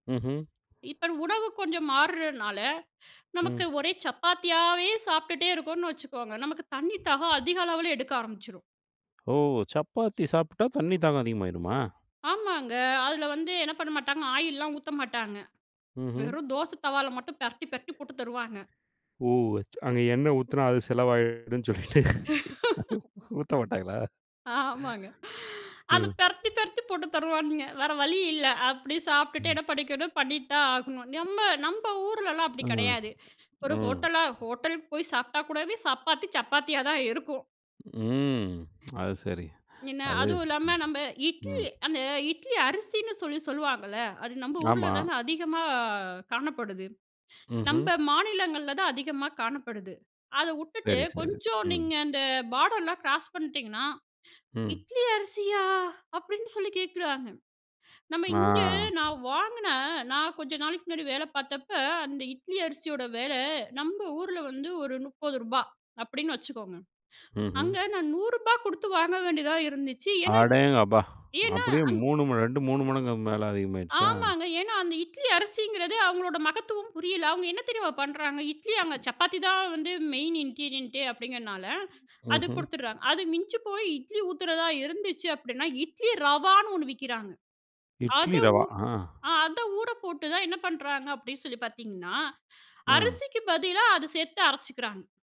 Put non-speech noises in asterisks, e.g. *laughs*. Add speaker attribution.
Speaker 1: ம்ஹ்ம்.
Speaker 2: இப்ப உணவு கொஞ்சம் மாறுறனால நமக்கு
Speaker 1: ம்.
Speaker 2: ஒரே சப்பாத்தியாவே சாப்பிட்டுட்டே இருக்கோனு வச்சுக்கோங்க. நமக்கு தண்ணி தாகம் அதிக அளவுல எடுக்க ஆரம்பிச்சுரும்.
Speaker 1: ஓ! சப்பாத்தி சாப்ட்டா தண்ணி தாகம் அதிகமாயிருமா?
Speaker 2: ஆமாங்க. அதில வந்து என்ன பண்ண மாட்டாங்க ஆயில்லாம் ஊத்த மாட்டாங்க.
Speaker 1: ம்ஹம்.
Speaker 2: வெறும் தோச தவால மட்டும் பெரட்டி, பெரட்டி போட்டு தருவாங்க.
Speaker 1: ஓ! ச் அங்க எண்ணெ ஊத்துனா அது செலவாயிடும் சொல்லிட்டு
Speaker 2: *laughs*
Speaker 1: *laughs* ஊத்த மாட்டாங்களா?
Speaker 2: ஆமாங்க. *sighs* அத
Speaker 1: ம்.
Speaker 2: பெரத்தி பெரத்தி போட்டு தருவானுங்க. வேற வழி இல்ல அப்டி சாப்பிட்டுட்டு
Speaker 1: ம்.
Speaker 2: என்ன படிக்கணும் பண்ணி தான் ஆகணும். நம்ம நம்ப ஊருலலாம் அப்டி
Speaker 1: ம்,
Speaker 2: கடையாது. ஒரு
Speaker 1: ம்.
Speaker 2: ஹோட்டலா ஹோட்டல் போய் சாப்பிட்டா கூடவே சப்பாத்தி சப்பாத்தியா தான் இருக்கும்.
Speaker 1: ம். அதுசரி
Speaker 2: என்ன
Speaker 1: அது
Speaker 2: அதுவும் இல்லாம
Speaker 1: ம்,
Speaker 2: நம்ம இட்லி,
Speaker 1: ம்.
Speaker 2: அந்த இட்லி அரிசின்னு சொல்லி சொல்லுவாங்கல்ல. அது நம்ப ஊர்ல
Speaker 1: ஆமா.
Speaker 2: தாங்க அதிகமா காணப்படுது.
Speaker 1: ம்ஹ்ம்.
Speaker 2: நம்ப மாநிலங்கள்ல தான் அதிகமா காணப்படுது. அத வுட்டுட்டு
Speaker 1: சரி, சரி.
Speaker 2: கொஞ்சம்
Speaker 1: ம்.
Speaker 2: நீங்க அந்த பார்டர்லாம் கிராஸ் பண்ணிட்டீங்கன்னா,
Speaker 1: ம்.
Speaker 2: இட்லி அரிசியா! அப்டின்னு சொல்லி கேட்குறாங்க. நம்ம
Speaker 1: ஆ.
Speaker 2: இங்கே நான் வாங்குன நான் கொஞ்ச நாளைக்கு முன்னாடி வேல பார்த்தப்ப அந்த இட்லி அரிசியோட வில நம்ப ஊருல வந்து ஒரு ரூ. 30 அப்டின்னு வச்சுக்கோங்க.
Speaker 1: ம்ஹ்ம்.
Speaker 2: அங்க நான் ரூ. 100 குடுத்து வாங்க வேண்டியதா இருந்துச்சு. ஏனா இந்
Speaker 1: அடேங்கப்பா!
Speaker 2: ஏனா
Speaker 1: அப்டியே
Speaker 2: அந்
Speaker 1: 3 ம 2, 3 மடங்கு மேல அதிகமாயிருச்சா?
Speaker 2: ஆமாங்க. ஏனா, அந்த இட்லி அரிசிங்கிறது அவங்களோட மகத்துவம் புரியல. அவங்க என்ன தெரியுமா பண்றாங்க, இட்லி அங்க சப்பாத்தி தான் வந்து மெயின் இன்கிரீடியன்ட்டே அப்டிங்கிறதுனால அது
Speaker 1: ம்ஹ்ம்.
Speaker 2: குடுத்துடுறாங்க. அது மிஞ்சி போய் இட்லி ஊத்துறதா இருந்துச்சு அப்டின்னா, இட்லி ரவான்னு ஒண்ணு விக்கிறாங்க. அத
Speaker 1: இட்லி
Speaker 2: ஊ
Speaker 1: ரவா, ஆ.
Speaker 2: ஆ அத ஊறப்போட்டு தான் என்ன பண்றாங்க அப்டி சொல்லி பார்த்தீங்கன்னா,
Speaker 1: ம்.
Speaker 2: அரிசிக்கு பதிலா அத சேர்த்து அரைச்சுக்குறாங்க.